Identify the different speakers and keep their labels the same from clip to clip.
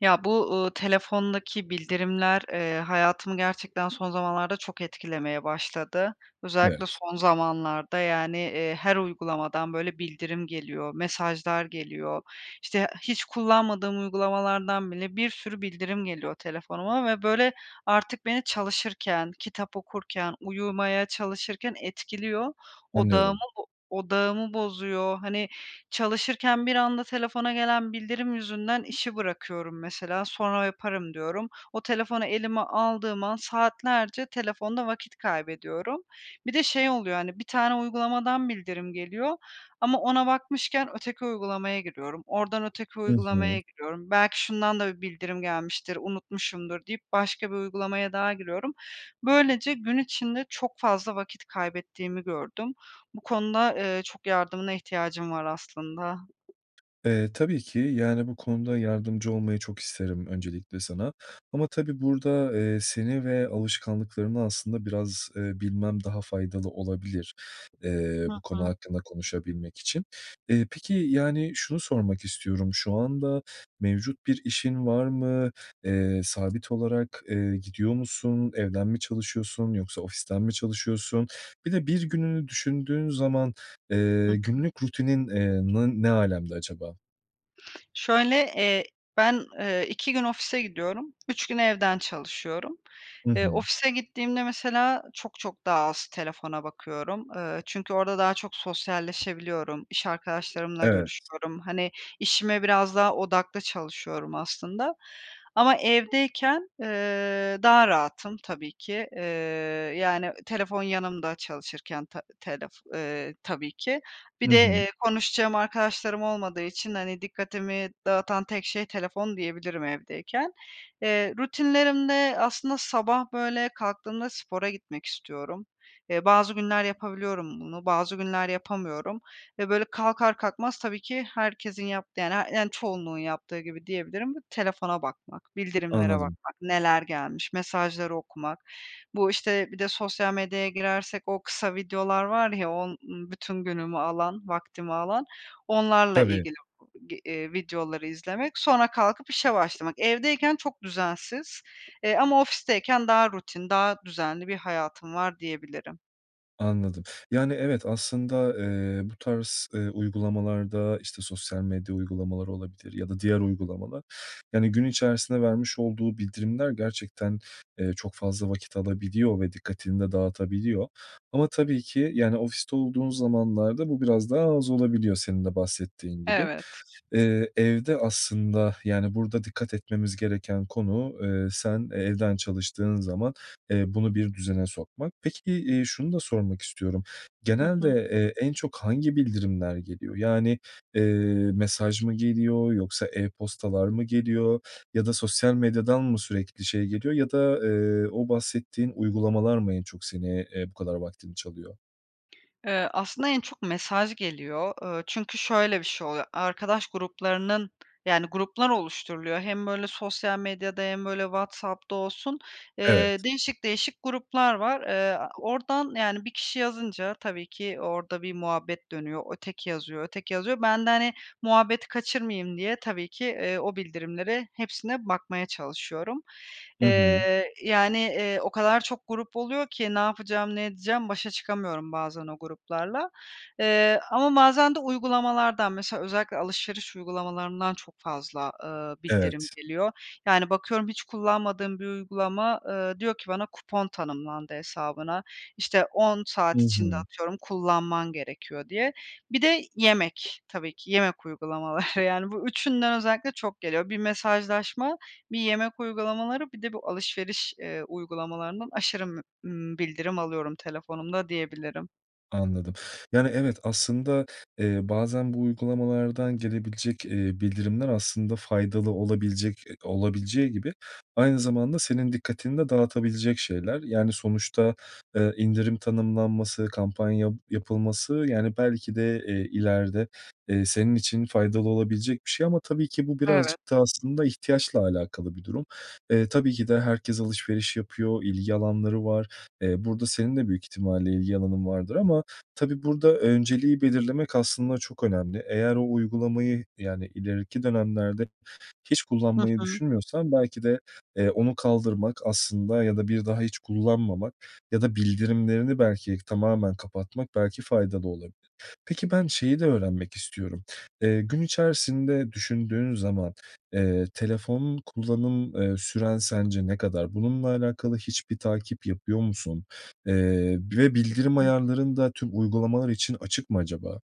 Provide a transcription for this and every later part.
Speaker 1: Ya, bu, uuu, telefondaki bildirimler, eee, hayatımı gerçekten son zamanlarda çok etkilemeye başladı. Özellikle
Speaker 2: Evet.
Speaker 1: son zamanlarda, yani, eee, her uygulamadan, böyle, bildirim geliyor, mesajlar geliyor. İşte hiç kullanmadığım uygulamalardan bile bir sürü bildirim geliyor telefonuma. Ve, böyle, artık beni çalışırken, kitap okurken, uyumaya çalışırken etkiliyor. Odağımı
Speaker 2: Anlıyorum.
Speaker 1: bo odağımı bozuyor. Hani, çalışırken bir anda telefona gelen bildirim yüzünden işi bırakıyorum mesela. Sonra yaparım diyorum. O telefonu elime aldığım an saatlerce telefonda vakit kaybediyorum. Bir de şey oluyor, hani, bir tane uygulamadan bildirim geliyor ama ona bakmışken öteki uygulamaya giriyorum. Oradan öteki
Speaker 2: Hı hı.
Speaker 1: uygulamaya giriyorum. Belki şundan da bir bildirim gelmiştir, unutmuşumdur deyip başka bir uygulamaya daha giriyorum. Böylece gün içinde çok fazla vakit kaybettiğimi gördüm. Bu konuda, eee, çok yardımına ihtiyacım var aslında.
Speaker 2: Eee, tabii ki, yani, bu konuda yardımcı olmayı çok isterim öncelikle sana ama tabii burada, eee, seni ve alışkanlıklarını aslında biraz, eee, bilmem daha faydalı olabilir, eee,
Speaker 1: Hı
Speaker 2: bu konu
Speaker 1: hı.
Speaker 2: hakkında konuşabilmek için. Eee, peki, yani, şunu sormak istiyorum. Şu anda mevcut bir işin var mı? Eee, sabit olarak, eee, gidiyor musun? Evden mi çalışıyorsun yoksa ofisten mi çalışıyorsun? Bir de bir gününü düşündüğün zaman,
Speaker 1: Hı
Speaker 2: eee,
Speaker 1: hı.
Speaker 2: günlük rutinin, eee, nı ne âlemde acaba?
Speaker 1: Şöyle, eee, ben, eee, 2 gün ofise gidiyorum, 3 gün evden çalışıyorum.
Speaker 2: Hı
Speaker 1: Eee,
Speaker 2: hı.
Speaker 1: ofise gittiğimde mesela çok çok daha az telefona bakıyorum. Eee, çünkü orada daha çok sosyalleşebiliyorum. İş arkadaşlarımla
Speaker 2: Evet.
Speaker 1: görüşüyorum. Hani, işime biraz daha odaklı çalışıyorum aslında ama evdeyken, eee, daha rahatım tabii ki, eee, yani telefon yanımda çalışırken ta telef, eee, tabii ki.
Speaker 2: I
Speaker 1: Bir de,
Speaker 2: hı.
Speaker 1: eee, konuşacağım arkadaşlarım olmadığı için, hani, dikkatimi dağıtan tek şey telefon diyebilirim evdeyken. Eee, rutinlerimde aslında sabah, böyle, kalktığımda spora gitmek istiyorum. Eee, bazı günler yapabiliyorum bunu, bazı günler yapamıyorum ve, böyle, kalkar kalkmaz tabii ki herkesin yaptığı yani her yani çoğunluğun yaptığı gibi diyebilirim: telefona bakmak, bildirimlere
Speaker 2: Anladım.
Speaker 1: bakmak, neler gelmiş, mesajları okumak. Bu işte bir de sosyal medyaya girersek o kısa videolar var ya, on ııı, bütün günümü alan, vaktimi alan, onlarla
Speaker 2: Tabii.
Speaker 1: ilgili bu g eee, videoları izlemek, sonra kalkıp işe başlamak. Evdeyken çok düzensiz, eee, ama ofisteyken daha rutin, daha düzenli bir hayatım var diyebilirim.
Speaker 2: Anladım. Yani, evet, aslında, eee, bu tarz, eee, uygulamalarda, işte, sosyal medya uygulamaları olabilir ya da diğer uygulamalar. Yani, gün içerisinde vermiş olduğu bildirimler gerçekten, eee, çok fazla vakit alabiliyor ve dikkatini de dağıtabiliyor ama tabii ki, yani ofiste olduğun zamanlarda bu biraz daha az olabiliyor senin de bahsettiğin gibi.
Speaker 1: Evet.
Speaker 2: Eee, evde aslında yani, burada dikkat etmemiz gereken konu, eee, sen evden çalıştığın zaman, eee, bunu bir düzene sokmak. Peki, eee, şunu da sormak istiyorum.
Speaker 1: Hı
Speaker 2: Genelde,
Speaker 1: hı.
Speaker 2: eee, en çok hangi bildirimler geliyor? Yani, eee, mesaj mı geliyor yoksa, e-postalar mı geliyor ya da sosyal medyadan mı sürekli şey geliyor ya da, eee, o bahsettiğin uygulamalar mı en çok seni, eee, bu kadar vaktini çalıyor?
Speaker 1: Eee, aslında en çok mesaj geliyor. Iıı, çünkü şöyle bir şey oluyor, arkadaş gruplarının yani, gruplar oluşturuluyor, hem, böyle, sosyal medyada hem böyle WhatsApp'ta olsun, eee,
Speaker 2: Evet.
Speaker 1: değişik değişik gruplar var. Eee, a oradan, yani, bir kişi yazınca tabii ki orada bir muhabbet dönüyor, öteki yazıyor, öteki yazıyor. Ben de, hani, muhabbeti kaçırmayayım diye tabii ki, eee, o bildirimlere hepsine bakmaya çalışıyorum,
Speaker 2: Hı hı.
Speaker 1: eee, yani, eee, o kadar çok grup oluyor ki ne yapacağım, ne edeceğim? Başa çıkamıyorum bazen o gruplarla. Eee, ama bazen de uygulamalardan, mesela özellikle alışveriş uygulamalarından çok fazla, ııı, bildirim
Speaker 2: Evet.
Speaker 1: geliyor. Yani, bakıyorum hiç kullanmadığım bir uygulama, ııı, diyor ki bana, "Kupon tanımlandı hesabına," işte, "10
Speaker 2: Hı
Speaker 1: saat içinde,
Speaker 2: hı.
Speaker 1: atıyorum, kullanman gerekiyor." diye. Bir de yemek tabii ki. Yemek uygulamaları, yani, bu üçünden özellikle çok geliyor. Bir mesajlaşma, bir yemek uygulamaları, bir de bu alışveriş, eee, uygulamalarından aşırı m ımm, bildirim alıyorum telefonumda diyebilirim.
Speaker 2: Anladım. Yani, evet, aslında, eee, bazen bu uygulamalardan gelebilecek, eee, bildirimler aslında faydalı olabilecek e, olabileceği gibi aynı zamanda senin dikkatini de dağıtabilecek şeyler, yani sonuçta, eee, indirim tanımlanması, kampanya yapılması, yani belki de, eee, ileride, eee, senin için faydalı olabilecek bir şey ama tabii ki bu
Speaker 1: Evet.
Speaker 2: birazcık da aslında ihtiyaçla alakalı bir durum. Eee, tabii ki de herkes alışveriş yapıyor, ilgi alanları var. Eee, burada senin de büyük ihtimalle ilgi alanın vardır ama tabii burada önceliği belirlemek aslında çok önemli. Eğer o uygulamayı, yani ileriki dönemlerde hiç
Speaker 1: Hı
Speaker 2: kullanmayı
Speaker 1: hı.
Speaker 2: düşünmüyorsan belki de, eee, onu kaldırmak aslında ya da bir daha hiç kullanmamak ya da bildirimlerini belki tamamen kapatmak belki faydalı olabilir. Peki, ben şeyi de öğrenmek istiyorum. Eee, gün içerisinde düşündüğün zaman, eee, telefonu kullanım, eee, süren sence ne kadar? Bununla alakalı hiçbir takip yapıyor musun, eee, ve bildirim
Speaker 1: [unintelligible]
Speaker 2: ayarların da tüm uygulamalar için açık mı acaba?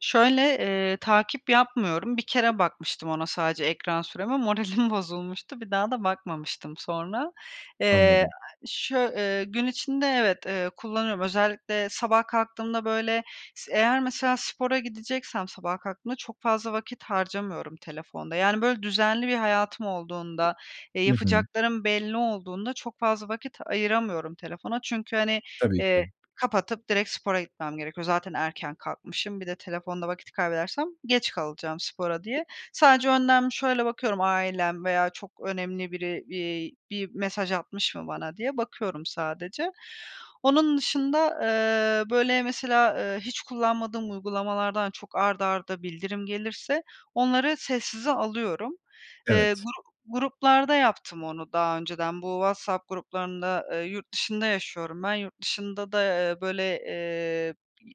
Speaker 1: Şöyle, eee, takip yapmıyorum. Bir kere bakmıştım ona sadece, ekran süreme, moralim bozulmuştu. Bir daha da bakmamıştım sonra. Eee,
Speaker 2: Anladım.
Speaker 1: şö eee, gün içinde evet, eee, kullanıyorum. Özellikle sabah kalktığımda, böyle, s eğer mesela spora gideceksem sabah kalktığımda çok fazla vakit harcamıyorum telefonda. Yani, böyle, düzenli bir hayatım olduğunda, eee,
Speaker 2: I hı.
Speaker 1: yapacaklarım belli olduğunda çok fazla vakit ayıramıyorum telefona. Çünkü, hani,
Speaker 2: Tabii
Speaker 1: eee,
Speaker 2: ki.
Speaker 1: kapatıp direkt spora gitmem gerekiyor. Zaten erken kalkmışım. Bir de telefonda vakit kaybedersem geç kalacağım spora diye. Sadece önden bir şöyle bakıyorum, ailem veya çok önemli biri, iii, bir mesaj atmış mı bana diye bakıyorum sadece. Onun dışında, eee, böyle, mesela, eee, hiç kullanmadığım uygulamalardan çok art arda bildirim gelirse onları sessize alıyorum. Eee,
Speaker 2: Evet.
Speaker 1: gru gruplarda yaptım onu daha önceden bu WhatsApp gruplarında Eee, yurt dışında yaşıyorum ben. Yurt dışında da, eee, böyle, eee,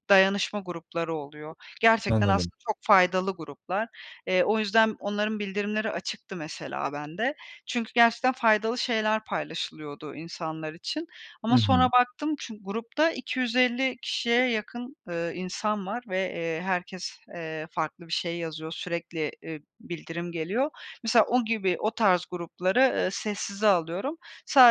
Speaker 1: dayanışma grupları oluyor. Gerçekten
Speaker 2: Anladım.
Speaker 1: aslında çok faydalı gruplar. Eee, o yüzden onların bildirimleri açıktı mesela bende. Çünkü gerçekten faydalı şeyler paylaşılıyordu insanlar için
Speaker 2: I
Speaker 1: ama
Speaker 2: hı.
Speaker 1: sonra baktım, çü grupta 250 kişiye yakın, eee, insan var ve, eee, herkes, eee, farklı bir şey yazıyor, sürekli, eee, bildirim geliyor. Mesela o gibi, o tarz grupları, eee, sessize alıyorum.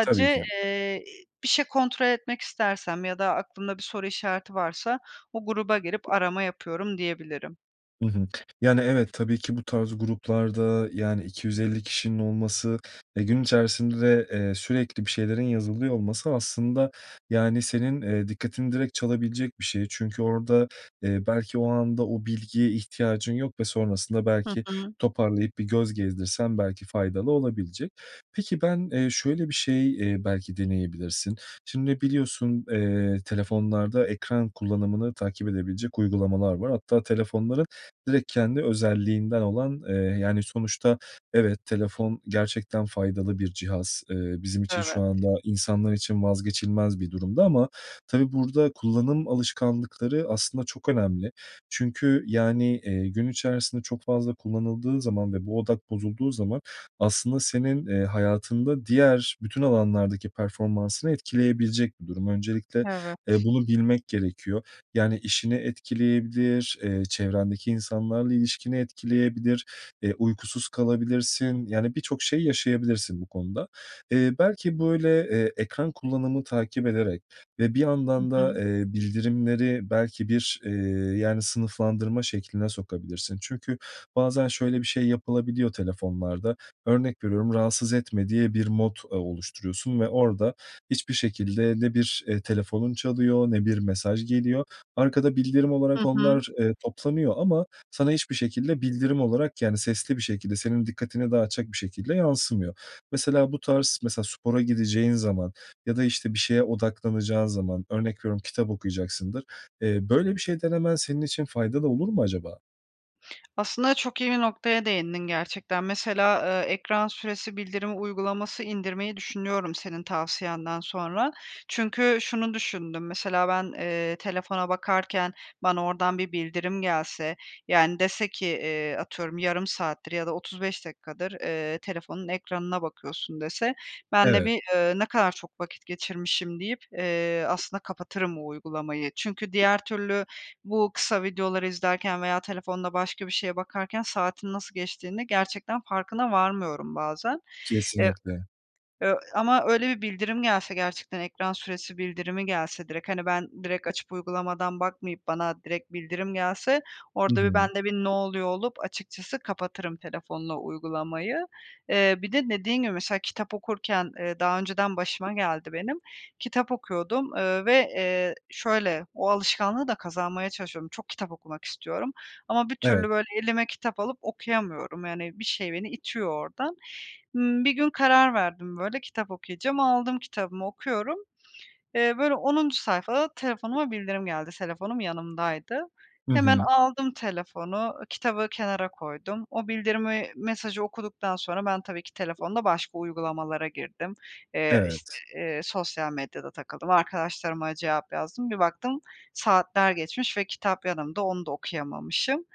Speaker 2: Tabii ki.
Speaker 1: eee, bir şey kontrol etmek istersem ya da aklımda bir soru işareti varsa o gruba girip arama yapıyorum diyebilirim.
Speaker 2: Hı hı. Yani, evet tabii ki bu tarz gruplarda, yani, 250 kişinin olması ve gün içerisinde, eee, sürekli bir şeylerin yazılıyor olması aslında, yani, senin, eee, dikkatini direkt çalabilecek bir şey çünkü orada, eee, belki o anda o bilgiye ihtiyacın yok ve sonrasında
Speaker 1: Hı
Speaker 2: belki
Speaker 1: hı.
Speaker 2: toparlayıp bir göz gezdirsen belki faydalı olabilecek. Peki, ben, eee, şöyle bir şey, eee, belki deneyebilirsin. Şimdi, biliyorsun, eee, telefonlarda ekran kullanımını takip edebilecek uygulamalar var hatta telefonların direkt kendi özelliğinden olan, eee yani, sonuçta evet, telefon gerçekten faydalı bir cihaz. Eee, bizim için şu
Speaker 1: Evet.
Speaker 2: anda, insanlar için vazgeçilmez bir durumda ama tabii burada kullanım alışkanlıkları aslında çok önemli çünkü, yani, eee, gün içerisinde çok fazla kullanıldığı zaman ve bu odak bozulduğu zaman aslında senin, eee, hayatında diğer bütün alanlardaki performansını etkileyebilecek bir durum. Öncelikle, eee,
Speaker 1: Evet.
Speaker 2: bunu bilmek gerekiyor yani işini etkileyebilir, eee, çevrendeki insanlarla ilişkini etkileyebilir, eee, uykusuz kalabilirsin yani birçok şey yaşayabilirsin bu konuda. Eee, belki, böyle, eee, ekran kullanımı takip ederek ve bir
Speaker 1: Hı
Speaker 2: yandan da,
Speaker 1: hı.
Speaker 2: eee, bildirimleri belki bir, eee, yani, sınıflandırma şekline sokabilirsin. Çünkü bazen şöyle bir şey yapılabiliyor telefonlarda: Örnek veriyorum "rahatsız etme" diye bir mod, eee, oluşturuyorsun ve orada hiçbir şekilde ne bir, eee, telefonun çalıyor ne bir mesaj geliyor. Arkada bildirim olarak
Speaker 1: Hı hı.
Speaker 2: onlar, eee, toplanıyor ama sana hiçbir şekilde bildirim olarak yani sesli bir şekilde, senin dikkatini dağıtacak bir şekilde yansımıyor. Mesela bu tarz mesela spora gideceğin zaman ya da, işte, bir şeye odaklanacağın zaman; örnek veriyorum kitap okuyacaksındır, eee, böyle bir şey denemen senin için faydalı olur mu acaba?
Speaker 1: Aslında çok iyi bir noktaya değindin gerçekten. Mesela, eee, ekran süresi bildirim uygulaması indirmeyi düşünüyorum senin tavsiyenden sonra. Çünkü şunu düşündüm, mesela ben, eee, telefona bakarken bana oradan bir bildirim gelse, yani, dese ki, eee, atıyorum: yarım saattir ya da 35 dakikadır, eee, telefonun ekranına bakıyorsun, dese, ben de
Speaker 2: Evet.
Speaker 1: bir, eee, ne kadar çok vakit geçirmişim deyip, eee, aslında kapatırım o uygulamayı. Çünkü diğer türlü bu kısa videoları izlerken veya telefonda başka bir şeye bakarken saatin nasıl geçtiğini gerçekten farkına varmıyorum bazen. Eee
Speaker 2: Kesinlikle.
Speaker 1: ö ama öyle bir bildirim gelse gerçekten, ekran süresi bildirimi gelse direkt hani, ben direkt açıp uygulamadan bakmayıp bana direkt bildirim gelse
Speaker 2: Hı
Speaker 1: orada bir
Speaker 2: hı.
Speaker 1: ben de bir, "Ne oluyor?" olup açıkçası kapatırım telefonda uygulamayı. Eee, bir de dediğin gibi, mesela kitap okurken, eee, daha önceden başıma geldi benim, kitap okuyordum, eee, ve, eee şöyle, o alışkanlığı da kazanmaya çalışıyorum. Çok kitap okumak istiyorum ama bir türlü,
Speaker 2: Evet.
Speaker 1: böyle, elime kitap alıp okuyamıyorum, yani bir şey beni itiyor oradan. Imm, bir gün karar verdim, böyle, kitap okuyacağım. Aldım kitabımı, okuyorum. Eee, böyle 10'uncu sayfada telefonuma bildirim geldi. Telefonum yanımdaydı.
Speaker 2: Hı
Speaker 1: Hemen
Speaker 2: hı.
Speaker 1: aldım telefonu, ııı, kitabı kenara koydum. O bildirimi, mesajı okuduktan sonra ben tabii ki telefonda başka uygulamalara girdim. Eee, işte,
Speaker 2: Evet.
Speaker 1: eee, sosyal medyada takıldım, arkadaşlarıma cevap yazdım. Bir baktım saatler geçmiş ve kitap yanımda, onu da okuyamamışım.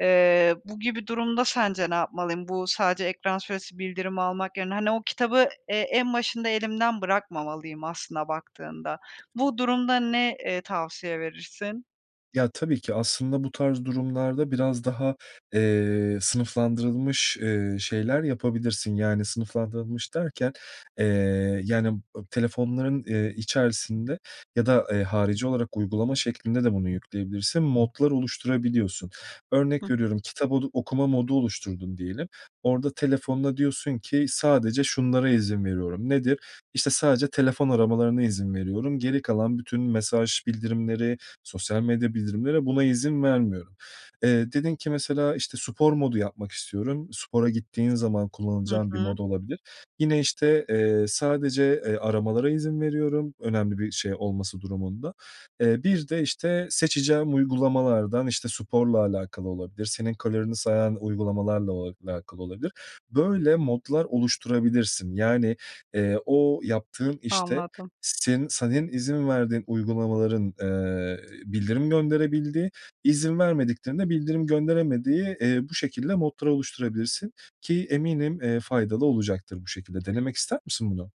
Speaker 1: Eee, bu gibi durumda sence ne yapmalıyım? Bu sadece ekran süresi bildirimi almak yerine, hani, o kitabı, eee, en başında elimden bırakmamalıyım aslında baktığında. Bu durumda ne, eee, tavsiye verirsin?
Speaker 2: Ya, tabii ki aslında bu tarz durumlarda biraz daha, eee, sınıflandırılmış, eee, şeyler yapabilirsin yani sınıflandırılmış derken, eee, yani, ı telefonların, eee, içerisinde ya da, eee, harici olarak uygulama şeklinde de bunu yükleyebilirsin, modlar oluşturabiliyorsun. Örnek
Speaker 1: Hıh.
Speaker 2: veriyorum kitap odu okuma modu oluşturdun diyelim. Orada telefonuna diyorsun ki sadece şunlara izin veriyorum. Nedir? İşte sadece telefon aramalarına izin veriyorum. Geri kalan bütün mesaj bildirimleri, sosyal medya bildirimleri, buna izin vermiyorum. Eee, dedin ki mesela, işte, spor modu yapmak istiyorum. Spora gittiğin zaman
Speaker 1: Hı
Speaker 2: kullanacağın bir mod
Speaker 1: hı.
Speaker 2: olabilir. Yine, işte, eee, sadece, eee, aramalara izin veriyorum önemli bir şey olması durumunda. Eee, bir de, işte, seçeceğim uygulamalardan, işte, sporla alakalı olabilir, senin kalorini sayan uygulamalarla o alakalı olabilir. Böyle modlar oluşturabilirsin. Yani, eee, o yaptığın işte
Speaker 1: Anladım.
Speaker 2: se senin izin verdiğin uygulamaların, eee, bildirim gönderebildiği, izin vermediklerinin de bildirim gönderemediği, eee, bu şekilde modlar oluşturabilirsin, ki eminim, eee, faydalı olacaktır bu şekilde. Denemek ister misin bunu?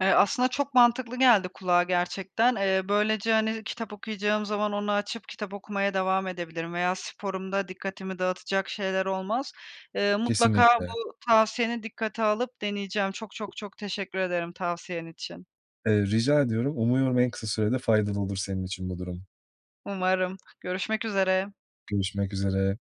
Speaker 1: Eee, aslında çok mantıklı geldi kulağa gerçekten. Eee, böylece, hani, kitap okuyacağım zaman onu açıp kitap okumaya devam edebilirim veya sporumda dikkatimi dağıtacak şeyler olmaz. Eee, mutlaka
Speaker 2: Kesinlikle.
Speaker 1: bu tavsiyeni dikkate alıp deneyeceğim. Çok, çok, çok teşekkür ederim tavsiyen için.
Speaker 2: Eee, rica ediyorum, umuyorum en kısa sürede faydalı olur senin için bu durum.
Speaker 1: Umarım. Görüşmek üzere.
Speaker 2: Görüşmek üzere.